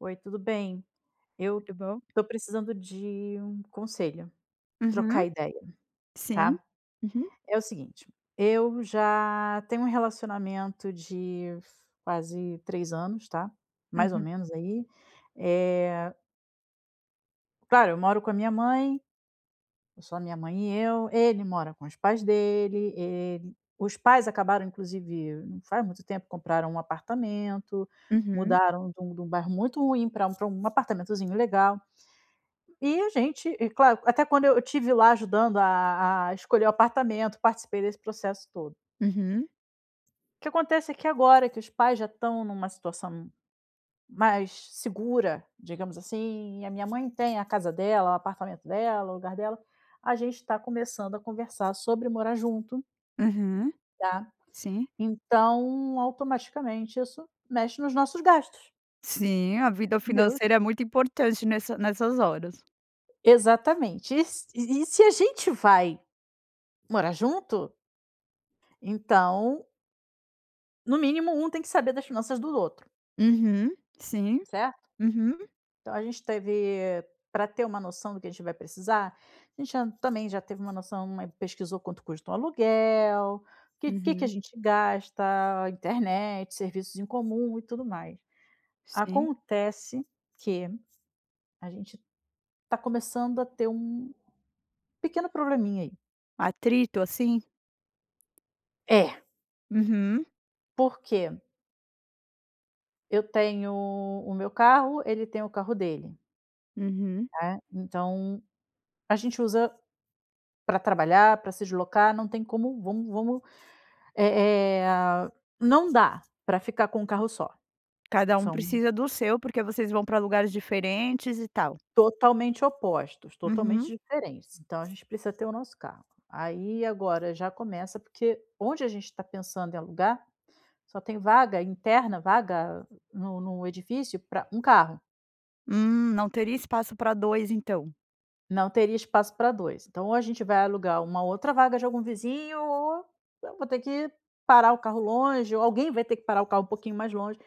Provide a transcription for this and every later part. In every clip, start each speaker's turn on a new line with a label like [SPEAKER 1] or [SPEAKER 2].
[SPEAKER 1] Oi, tudo bem? Eu
[SPEAKER 2] Tudo bom?
[SPEAKER 1] estou precisando de um conselho,
[SPEAKER 2] Uhum.
[SPEAKER 1] trocar ideia,
[SPEAKER 2] Sim,
[SPEAKER 1] tá?
[SPEAKER 2] uhum.
[SPEAKER 1] É o seguinte, eu já tenho um relacionamento de f quase 3 anos, tá, mais ou
[SPEAKER 2] Uhum.
[SPEAKER 1] menos aí, eh Claro, eu moro com a minha mãe. É só a minha mãe e eu. Ele mora com os pais dele, eh, os pais acabaram, inclusive, não faz muito tempo, compraram um apartamento.
[SPEAKER 2] Uhum.
[SPEAKER 1] Mudaram de um de um bairro muito ruim para um para um apartamentozinho legal. E a gente e claro, até quando eu estive lá ajudando a a escolher o apartamento, participei desse processo todo.
[SPEAKER 2] Uhum.
[SPEAKER 1] O que acontece é que agora que os pais já estão numa situação mais segura, digamos assim, e a minha mãe tem a casa dela, o apartamento dela, o lugar dela, a gente tá começando a conversar sobre morar junto
[SPEAKER 2] Uhum.
[SPEAKER 1] tá,
[SPEAKER 2] Sim.
[SPEAKER 1] então, automaticamente, isso mexe nos nossos gastos.
[SPEAKER 2] Sim, a vida
[SPEAKER 1] Deu
[SPEAKER 2] financeira é muito importante nessa nessas horas.
[SPEAKER 1] Exatamente e s e se a gente vai morar junto então no mínimo, um tem que saber das finanças do outro.
[SPEAKER 2] Uhum, sim.
[SPEAKER 1] Certo.
[SPEAKER 2] Uhum.
[SPEAKER 1] Então a gente teve para ter uma noção do que a gente vai precisa a gente já também já teve uma noção pesquisou quanto custa o aluguel, que que que a
[SPEAKER 2] Uhum.
[SPEAKER 1] gente gasta, internet, serviços em comum e tudo mais.
[SPEAKER 2] Sim.
[SPEAKER 1] Acontece que a gente tá começando a ter um pequeno probleminha aí.
[SPEAKER 2] Atrito assim?
[SPEAKER 1] É.
[SPEAKER 2] Uhum.
[SPEAKER 1] Porque eu tenho o meu carro, ele tem o carro dele
[SPEAKER 2] Uhum.
[SPEAKER 1] né. Então a gente usa pra trabalhar, pra se deslocar. Não tem como vamos vamos, eh eh não dá pra ficar com um carro só.
[SPEAKER 2] Cada um
[SPEAKER 1] São
[SPEAKER 2] precisa do seu, porque vocês vão para lugares diferentes e tal.
[SPEAKER 1] Totalmente opostos, totalmente
[SPEAKER 2] Uhum.
[SPEAKER 1] diferentes. Então a gente precisa ter o nosso carro. Aí agora já começa, porque onde a gente está pensando em alugar só tem vaga interna, vaga no no edifício para um carro.
[SPEAKER 2] Hum, não teria espaço pra 2, então?
[SPEAKER 1] Não teria espaço pra 2, então, ou a gente vai alugar uma outra vaga de algum vizinho ou eu vou ter que parar o carro longe ou alguém vai ter que parar o carro um pouquinho mais longe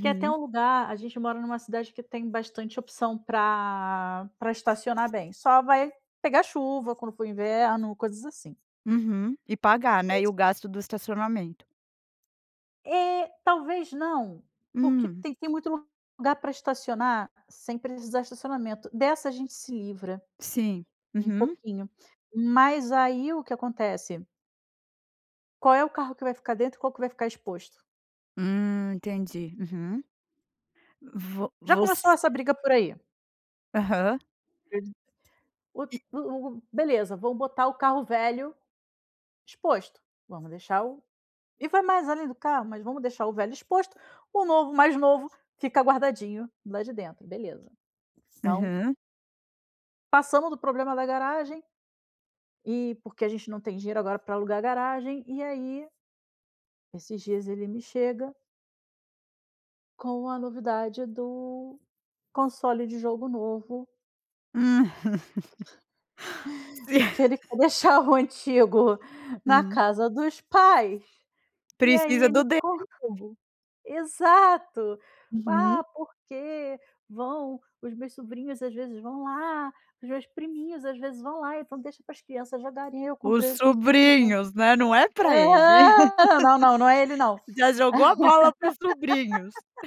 [SPEAKER 1] quer ter um lugar a gente mora numa cidade que tem bastante opção pra pra estacionar bem. Só vai pegar chuva quando for o inverno, coisas assim.
[SPEAKER 2] Uhum e pagar,
[SPEAKER 1] Por
[SPEAKER 2] né. E
[SPEAKER 1] isso
[SPEAKER 2] o gasto do estacionamento.
[SPEAKER 1] É, talvez não. Porque
[SPEAKER 2] Hum.
[SPEAKER 1] tem tem muito lugar pra estacionar, sem precisar estacionamento. Dessa a gente se livra
[SPEAKER 2] Sim,
[SPEAKER 1] um
[SPEAKER 2] uhum.
[SPEAKER 1] pouquinho, mas aí o que acontece? Qual é o carro que vai ficar dentro e qual que vai ficar exposto?
[SPEAKER 2] Hum, entendi, uhum. Vo
[SPEAKER 1] Já
[SPEAKER 2] voc
[SPEAKER 1] começou essa briga por aí.
[SPEAKER 2] Aham.
[SPEAKER 1] [unintelligible] O
[SPEAKER 2] E
[SPEAKER 1] o o beleza, vamos botar o carro velho exposto, vamos deixar o e vai mais além do carro, mas vamos deixar o velho exposto. O novo o mais novo fica guardadinho lá de dentro. Beleza, então
[SPEAKER 2] Aham.
[SPEAKER 1] Passamos do problema da garagem, e porque a gente não tem dinheiro agora pra alugar a garagem, e aí esses dias ele me chega com a novidade do console de jogo novo
[SPEAKER 2] Si
[SPEAKER 1] Porque ele quer deixar o antigo na
[SPEAKER 2] Hum.
[SPEAKER 1] casa dos pais e aí
[SPEAKER 2] Precisa
[SPEAKER 1] ele
[SPEAKER 2] do dele
[SPEAKER 1] co
[SPEAKER 2] novo.
[SPEAKER 1] exato.
[SPEAKER 2] Uhum.
[SPEAKER 1] "Ah, porque vão os meus sobrinhos às vezes vão lá. Os meus priminhos às vezes vão lá, então deixa para as crianças jogarem, e aí eu
[SPEAKER 2] Os
[SPEAKER 1] comprei o console novo".
[SPEAKER 2] sobrinhos, né, não é para ele.
[SPEAKER 1] Aham. Não, não, não é ele não.
[SPEAKER 2] Já jogou a bola para os sobrinhos.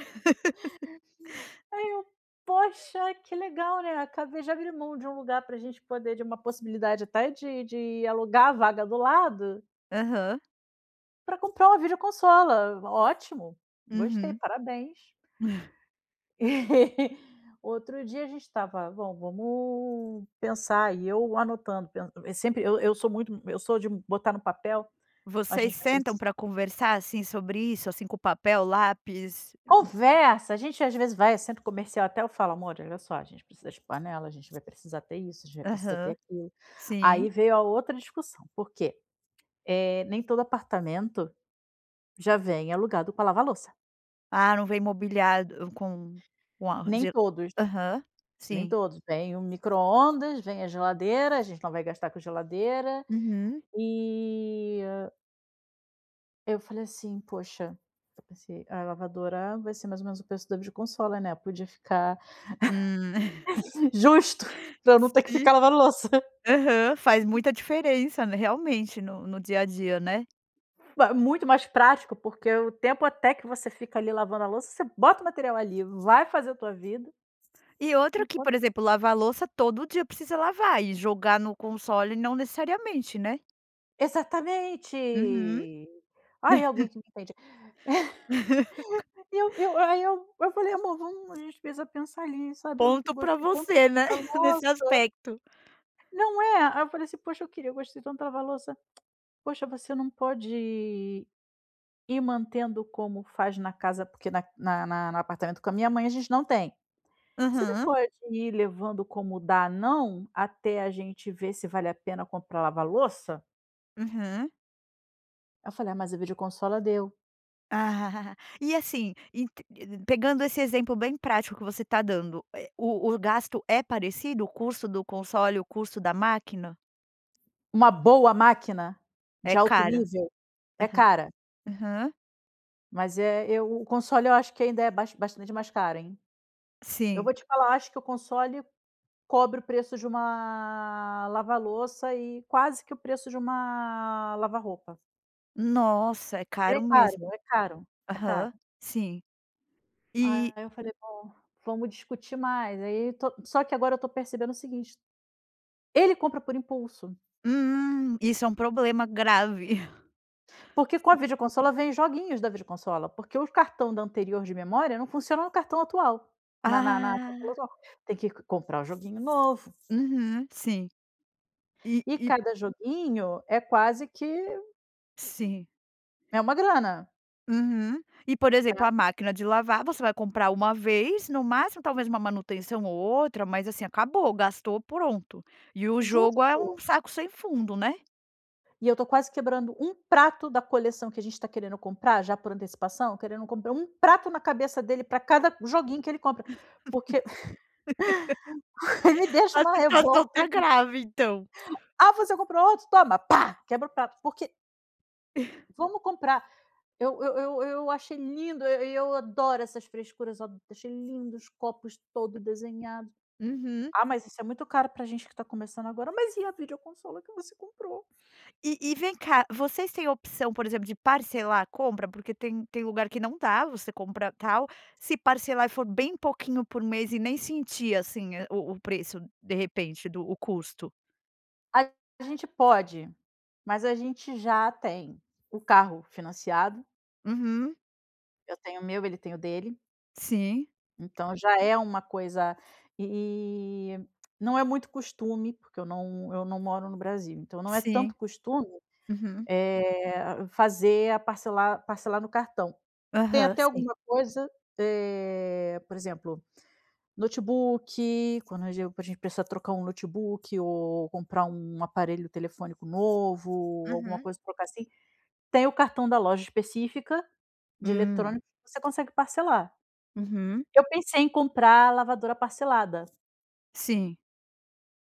[SPEAKER 1] Aí eu: "Poxa, que legal, né, acabei de abrir mão de um lugar para a gente poder de uma possibilidade até de de alugar a vaga do lado"
[SPEAKER 2] Aham.
[SPEAKER 1] "pra comprar uma videoconsola. Ótimo. Gostei,
[SPEAKER 2] Uhum.
[SPEAKER 1] parabéns". E outro dia a gente estava: "Bom, vamos pensar", e eu anotando, pen e sempre eu eu sou muito eu sou de botar no papel. A
[SPEAKER 2] Vocês
[SPEAKER 1] gente vai
[SPEAKER 2] sentam
[SPEAKER 1] preci
[SPEAKER 2] para conversar, assim, sobre isso, assim, com papel, lápis?
[SPEAKER 1] Conversa, a gente às vezes vai a centro comercial, até eu falo: "Amor, olha só, a gente precisa de panela, a gente vai precisar ter isso, a gente vai precisar ter
[SPEAKER 2] Aham.
[SPEAKER 1] aquilo".
[SPEAKER 2] Sim.
[SPEAKER 1] Aí veio a outra discussão, por quê? Eh, nem todo apartamento já vem alugado com a lava-louça.
[SPEAKER 2] Ah, não veio mobiliado com com a
[SPEAKER 1] Nem
[SPEAKER 2] ge
[SPEAKER 1] todos.
[SPEAKER 2] Aham
[SPEAKER 1] Nem
[SPEAKER 2] sim.
[SPEAKER 1] todos vem, o micro-ondas, vem a geladeira, a gente não vai gastar com geladeira
[SPEAKER 2] Uhum.
[SPEAKER 1] e eu falei assim: "Poxa, eu pensei a lavadora vai ser mais ou menos o preço da video consola, né. Eu podia ficar,
[SPEAKER 2] Hum.
[SPEAKER 1] justo, pra eu não ter que
[SPEAKER 2] Sim.
[SPEAKER 1] ficar lavando louça".
[SPEAKER 2] Aham, faz muita diferença, né, realmente no no dia a dia, né?
[SPEAKER 1] Vá muito mais prático, porque o tempo até que você fica, ali, lavando a louça, você bota o material, ali, vai fazer a tua vida.
[SPEAKER 2] E outra que,
[SPEAKER 1] Enquanto
[SPEAKER 2] por exemplo, lavar a louça todo dia precisa lavar e jogar no console, não necessariamente, né?
[SPEAKER 1] Exatamente.
[SPEAKER 2] Uhum.
[SPEAKER 1] Ai, alguém que me entende. E, eu eu, aí, eu eu falei: "Amor, vamos, a gente precisa pensar, ali, sabe. Eu
[SPEAKER 2] Ponto pra
[SPEAKER 1] gostei tanto
[SPEAKER 2] você, né,
[SPEAKER 1] da
[SPEAKER 2] nesse
[SPEAKER 1] lava-louça".
[SPEAKER 2] aspecto
[SPEAKER 1] Não é? Aí eu falei assim: "Poxa, eu queria eu gostei tanto lava-louça". "Poxa, você não pode ir ir mantendo como faz na casa" porque na na na no apartamento com a minha mãe, a gente não tem. "Você não
[SPEAKER 2] Uhum.
[SPEAKER 1] pode ir levando como dá não? Até a gente ver se vale a pena comprar a lava-louça?".
[SPEAKER 2] Uhum.
[SPEAKER 1] Aí eu falei: "Ah, mas a videoconsola deu".
[SPEAKER 2] E assim, ent pegando esse exemplo bem prático que você tá dando, eh, o o gasto é parecido, o custo do console, o custo da máquina?
[SPEAKER 1] Uma boa máquina de
[SPEAKER 2] É
[SPEAKER 1] alto
[SPEAKER 2] cara.
[SPEAKER 1] nível é
[SPEAKER 2] Aham.
[SPEAKER 1] cara.
[SPEAKER 2] Aham.
[SPEAKER 1] Mas é, eu o console, eu acho que ainda é bas bastante mais caro, hein. Eu
[SPEAKER 2] Sim.
[SPEAKER 1] vou te falar, acho que o console cobre o preço de uma lava-louça e quase que o preço de uma lava-roupa.
[SPEAKER 2] Nossa, é
[SPEAKER 1] Ele é
[SPEAKER 2] caro
[SPEAKER 1] caro,
[SPEAKER 2] mesmo.
[SPEAKER 1] é caro, é caro.
[SPEAKER 2] Aham. Sim. E
[SPEAKER 1] Aí eu falei: "Bom, vamos discutir mais", aí to só que agora eu tô percebendo o seguinte ele compra por impulso.
[SPEAKER 2] Hum, isso é um problema grave.
[SPEAKER 1] Porque com
[SPEAKER 2] Si
[SPEAKER 1] a videoconsola vem joguinhos da videoconsola, porque o cartão da anterior de memória não funciona no cartão atual, na na na consola
[SPEAKER 2] Ah.
[SPEAKER 1] atual, tem que comprar o joguinho novo.
[SPEAKER 2] Uhum, sim. E
[SPEAKER 1] E
[SPEAKER 2] e
[SPEAKER 1] cada joguinho é quase que
[SPEAKER 2] Sim.
[SPEAKER 1] É uma grana.
[SPEAKER 2] Uhum e, por exemplo,
[SPEAKER 1] Tá?
[SPEAKER 2] a máquina de lavar, você vai comprar uma vez, no máximo, talvez uma manutenção ou outra, mas, assim, acabou. Gastou, pronto. E o jogo é
[SPEAKER 1] Justo.
[SPEAKER 2] um saco sem fundo, né?
[SPEAKER 1] E eu tô quase quebrando um prato da coleção que a gente tá querendo comprar já por antecipação, querendo comprar um prato na cabeça dele pra cada joguinho que ele compra, porque me deixa
[SPEAKER 2] A
[SPEAKER 1] uma
[SPEAKER 2] situação
[SPEAKER 1] revolta
[SPEAKER 2] está
[SPEAKER 1] isso.
[SPEAKER 2] grave, então.
[SPEAKER 1] "Ah, você comprou outro?" Toma! Pá, quebra o prato, porque vamos comprar. Eu eu eu eu achei lindo, eh, e eu adoro essas frescuras. Eu a achei lindo os copos todo desenhado.
[SPEAKER 2] Uhum.
[SPEAKER 1] "Ah, mas isso é muito caro para a gente que tá começando agora", "mas e a videoconsola que você comprou?".
[SPEAKER 2] E e vem cá, vocês têm opção, por exemplo, de parcelar a compra? Porque tem tem lugar que não dá. Você compra tal se parcelar e for bem pouquinho por mês e nem sentir assim a o o preço, de repente, do o custo?
[SPEAKER 1] A gente pode, mas a gente já tem o carro financiado.
[SPEAKER 2] Uhum.
[SPEAKER 1] Eu tenho o meu, ele tem o dele.
[SPEAKER 2] Sim.
[SPEAKER 1] Então já é uma coisa e não é muito costume, porque eu não eu não moro no Brasil, então não é
[SPEAKER 2] Sim.
[SPEAKER 1] tanto costume,
[SPEAKER 2] Uhum.
[SPEAKER 1] eh, fazer a parcelar parcelar no cartão. Tem
[SPEAKER 2] Aham.
[SPEAKER 1] até
[SPEAKER 2] Sim.
[SPEAKER 1] alguma coisa, eh por exemplo, notebook, quando pra a gente precisar trocar um notebook ou comprar um aparelho telefônico novo, alguma
[SPEAKER 2] Uhum.
[SPEAKER 1] coisa pra trocar assim, tem o cartão da loja específica de
[SPEAKER 2] Hum.
[SPEAKER 1] eletrônico que você consegue parcelar.
[SPEAKER 2] Uhum.
[SPEAKER 1] Eu pensei em comprar a lavadora parcelada.
[SPEAKER 2] Sim.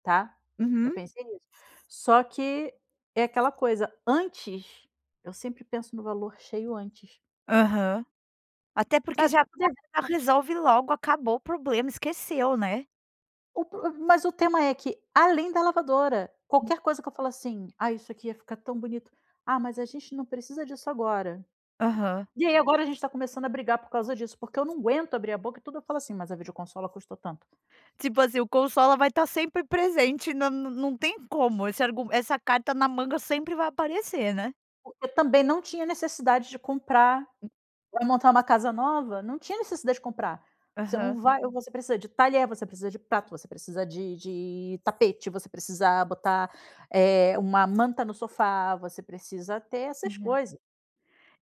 [SPEAKER 1] Tá, eu
[SPEAKER 2] Uhum.
[SPEAKER 1] pensei nisso. Só que, é aquela coisa, antes eu sempre penso no valor cheio antes.
[SPEAKER 2] Aham, até porque
[SPEAKER 1] Sabe,
[SPEAKER 2] já
[SPEAKER 1] tipo
[SPEAKER 2] acaba
[SPEAKER 1] de
[SPEAKER 2] e já
[SPEAKER 1] [unintelligible]
[SPEAKER 2] resolve logo. Acabou o problema, esqueceu, né?
[SPEAKER 1] O pr mas o tema é que, além da lavadora, qualquer coisa que eu falo assim: "Ah, isso aqui ia ficar tão bonito". "Ah, mas a gente não precisa disso agora".
[SPEAKER 2] Aham.
[SPEAKER 1] E aí agora a gente está começando a brigar por causa disso, porque eu não aguento abrir a boca e tudo eu falo assim: "Mas a videoconsola custou tanto".
[SPEAKER 2] Tipo assim, o consola vai estar sempre presente. Não não não tem como esse argu essa carta na manga sempre vai aparecer, né?
[SPEAKER 1] Porque também não tinha necessidade de comprar hum, vai montar uma casa nova? Não tinha necessidade de comprar. Você não
[SPEAKER 2] Aham.
[SPEAKER 1] vai ou você precisa de talher, você precisa de prato, você precisa de de tapete, você precisa botar, eh, uma manta no sofá, você precisa ter essas
[SPEAKER 2] Uhum.
[SPEAKER 1] coisa.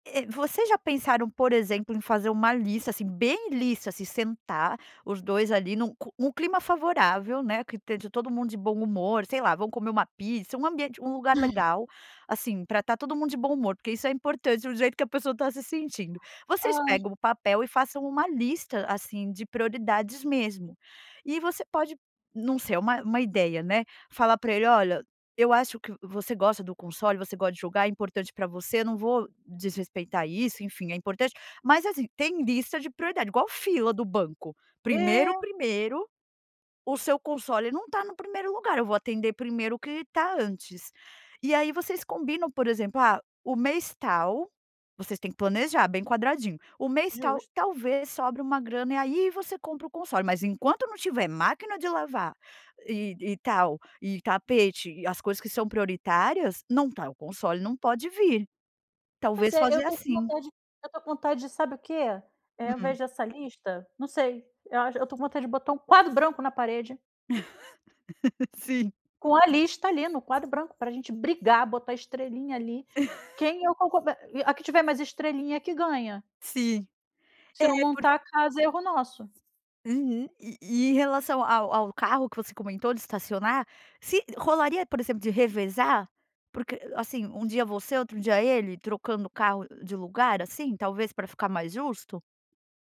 [SPEAKER 2] Eh, vocês já pensaram por exemplo, em fazer uma lista, assim, bem lista. Se sentar os 2, ali, num cu um clima favorável, né. Que te de todo mundo de bom humor, sei lá, vão comer uma pizza, um ambiente um lugar legal, assim, pra tá todo mundo de bom humor, porque isso é importante do jeito que a pessoa está se sentindo. Vocês
[SPEAKER 1] Ai.
[SPEAKER 2] pegam o papel e façam uma lista, assim, de prioridades mesmo. E você pode não sei é uma uma ideia, né. Falar pra ele: "Olha, eu acho que você gosta do console, você gosta de jogar, é importante pra você. Eu não vou desrespeitar isso. Enfim, é importante, mas, assim, tem lista de prioridade, igual fila do banco primeiro
[SPEAKER 1] É.
[SPEAKER 2] primeiro O seu console não tá no 1º lugar. Eu vou atender primeiro o que tá antes", e aí, vocês combinam, por exemplo. "Ah, o mês, tal", vocês têm que planejar bem quadradinho, "O mês, tal,
[SPEAKER 1] Justo.
[SPEAKER 2] talvez sobre uma grana, e aí, você compra o console. Mas enquanto não tiver máquina de lavar e e tal, e tapete e as coisas que são prioritárias, não tá o console não pode vir".
[SPEAKER 1] Pois
[SPEAKER 2] Talvez
[SPEAKER 1] é, eu
[SPEAKER 2] fazer
[SPEAKER 1] tô com
[SPEAKER 2] assim.
[SPEAKER 1] vontade eu tô com vontade de sabe o quê? Eh, eu
[SPEAKER 2] Hum?
[SPEAKER 1] vejo essa lista não sei eu acho eu tô com vontade de botar um quadro branco na parede.
[SPEAKER 2] Sim.
[SPEAKER 1] Com a lista ali no quadro branco pra gente brigar, botar estrelinha ali. Quem é o coco eh, a que tiver mais estrelinha é que ganha.
[SPEAKER 2] Sim,
[SPEAKER 1] Se
[SPEAKER 2] é,
[SPEAKER 1] não
[SPEAKER 2] por
[SPEAKER 1] montar a casa, é erro nosso.
[SPEAKER 2] Uhum. E e e em relação ao ao carro que você comentou de estacionar, se rolaria, por exemplo, de revezar, porque, assim, um dia você, outro dia ele trocando o carro de lugar assim, talvez para ficar mais justo?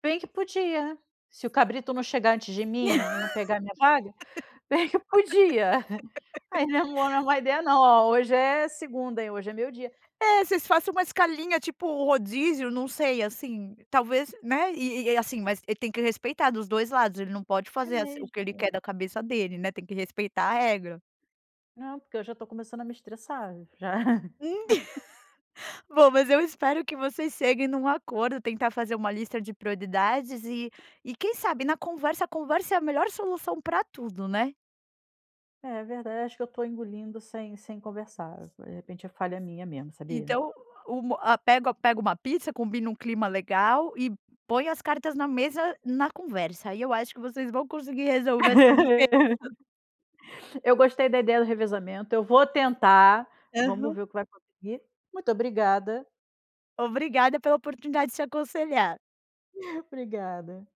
[SPEAKER 1] Bem que podia. Se o cabrito não chegar antes de mim e não pegar a minha vaga, bem que podia. Aí, não é uma bo não é uma ideia, não. "Ó, hoje é segunda, hein, hoje é meu dia".
[SPEAKER 2] É, vocês façam uma escalinha, tipo um rodízio. Não sei, assim, talvez, né. E e e assim, mas ele tem que respeitar dos 2 lados. Ele não pode
[SPEAKER 1] É
[SPEAKER 2] fazer assim o que ele
[SPEAKER 1] mesmo.
[SPEAKER 2] quer da cabeça dele, né. Tem que respeitar a regra.
[SPEAKER 1] Não, porque eu já estou começando a me estressar, já.
[SPEAKER 2] Bom, mas eu espero que vocês cheguem num acordo, tentar fazer uma lista de prioridades e e quem sabe, na conversa, a conversa é a melhor solução para tudo, né.
[SPEAKER 1] É verdade. Acho que eu estou engolindo sem sem conversar. De repente, é falha minha mesmo, sabia.
[SPEAKER 2] Então o a pego pego uma pizza, combina um clima legal e põe as cartas na mesa, na conversa. Aí eu acho que vocês vão conseguir resolver essas diferenças.
[SPEAKER 1] Eu gostei da ideia do revezamento. Eu vou tentar. Vamos
[SPEAKER 2] Aham.
[SPEAKER 1] ver o que vai conseguir. Muito obrigada.
[SPEAKER 2] Obrigada pela oportunidade de te aconselhar.
[SPEAKER 1] Obrigada.